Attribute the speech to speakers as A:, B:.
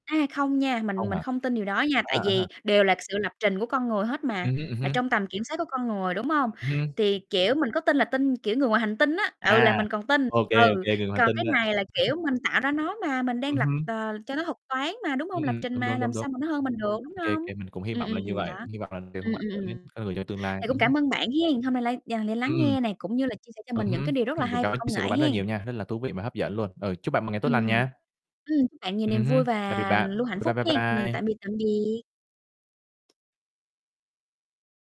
A: À, không nha, mình
B: Không
A: mình
B: hả?
A: không tin điều đó nha, tại
B: À, à.
A: vì đều là sự lập trình của con người hết mà,
B: Ừm hứm, ừm
A: là
B: hưm.
A: trong tầm kiểm soát của con người, đúng hông?
B: Ừm hưm.
A: Thì, kiểu, mình có tin là tin, kiểu, người ngoài hành tinh á, ừ, là
B: À,
A: mình còn tin,
B: ô kê, ô
A: ừ.
B: kê, người ngoài hành
A: Còn
B: tinh
A: cái
B: đó.
A: này là, kiểu, mình tạo ra nó mà, mình đang
B: Ừm
A: lập,
B: hưm.
A: ờ, cho nó thuật toán mà, đúng hông?
B: Ưm,
A: Lập
B: ừm,
A: trình
B: đúng,
A: mà,
B: đúng, đúng,
A: làm
B: đúng.
A: sao mà nó hơn mình được, đúng
B: Ô kê
A: hông?
B: kê, mình cũng hy
A: Ừm,
B: vọng là như
A: ừm, đó,
B: vậy, hy vọng là đều
A: ừm,
B: không ảnh
A: ừm,
B: hưởng đến
A: ừm.
B: con người trong tương lai.
A: Thì cũng
B: Ừm hứm.
A: cảm ơn bạn hén, hôm nay lại dành để lắng
B: Ừm.
A: nghe nè, cũng như là chia sẻ cho
B: Ừ
A: mình những
B: hứm,
A: cái điều rất là
B: mình cũng
A: hay về
B: cảm ơn chia
A: công
B: sẻ của
A: nghệ
B: bạn rất là
A: hén.
B: nhiều nha, rất là thú vị mà hấp dẫn luôn. Ừ, chúc bạn một ngày tốt
A: Ừm
B: lành
A: hưm.
B: nha.
A: Ừm, chúc bạn nhiều niềm
B: Ừm hưm,
A: vui
B: tạm biệt
A: và
B: bạn,
A: luôn hạnh
B: bye
A: phúc
B: bye, bye
A: hén. Ừm,
B: bye.
A: tạm biệt, tạm biệt.